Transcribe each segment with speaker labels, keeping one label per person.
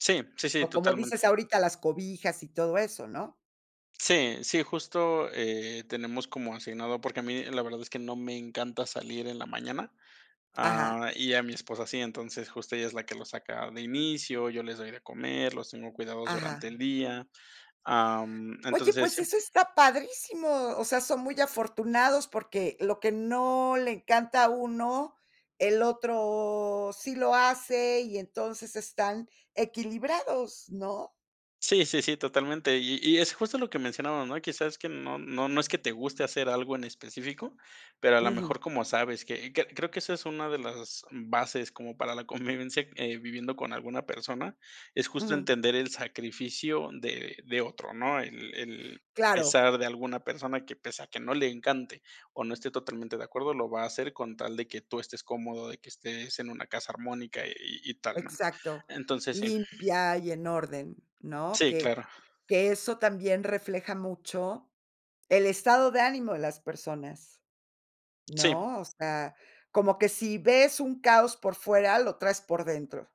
Speaker 1: Sí, sí, sí,
Speaker 2: O, como
Speaker 1: totalmente.
Speaker 2: dices ahorita, las cobijas y todo eso, ¿no?
Speaker 1: Sí, sí, justo, eh, tenemos como asignado, porque a mí la verdad es que no me encanta salir en la mañana,
Speaker 2: Ajá.
Speaker 1: ah, y a mi esposa sí, entonces, justo ella es la que lo saca de inicio, yo les doy de comer, los tengo cuidados durante
Speaker 2: Ajá.
Speaker 1: el día, am,
Speaker 2: Oye,
Speaker 1: entonces,
Speaker 2: pues
Speaker 1: si
Speaker 2: eso está padrísimo, o sea, son muy afortunados, porque lo que no le encanta a uno, el otro sí lo hace, y entonces están equilibrados, ¿no?
Speaker 1: Sí, sí, sí, totalmente. Y y es justo lo que mencionábamos, ¿no? Que sabes que no no no es que te guste hacer algo en específico, pero a la
Speaker 2: Ujú.
Speaker 1: mejor, como sabes que que creo que esa es una de las bases como para la convivencia, eh, viviendo con alguna persona, es justo
Speaker 2: Ujú.
Speaker 1: entender el sacrificio de de otro, ¿no? El el
Speaker 2: Claro.
Speaker 1: pesar de alguna persona que, pese a que no le encante o no esté totalmente de acuerdo, lo va a hacer con tal de que tú estés cómodo, de que estés en una casa armónica y y tal, ¿no?
Speaker 2: Exacto,
Speaker 1: Entonces, sí
Speaker 2: limpia y en orden, ¿no?
Speaker 1: Sí,
Speaker 2: Que
Speaker 1: claro.
Speaker 2: que eso también refleja mucho el estado de ánimo de las personas,
Speaker 1: Sí.
Speaker 2: ¿no? O sea, como que si ves un caos por fuera, lo traes por dentro.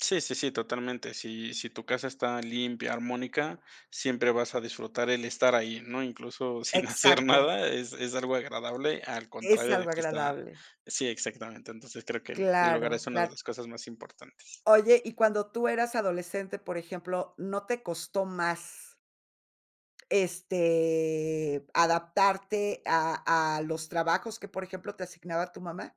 Speaker 1: Sí, sí, sí, totalmente. Si si tu casa está limpia, armónica, siempre vas a disfrutar el estar ahí, ¿no? Incluso, sin hacer
Speaker 2: Exacto.
Speaker 1: nada, es es algo agradable, al
Speaker 2: Es
Speaker 1: contrario de
Speaker 2: algo
Speaker 1: que está
Speaker 2: agradable.
Speaker 1: sí, exactamente. Entonces, creo que el el hogar
Speaker 2: Claro,
Speaker 1: es una de
Speaker 2: cla
Speaker 1: las cosas más importantes.
Speaker 2: Oye, y cuando tú eras adolescente, por ejemplo, ¿no te costó más? este, ¿adaptarte a a los trabajos que, por ejemplo, te asignaba tu mamá?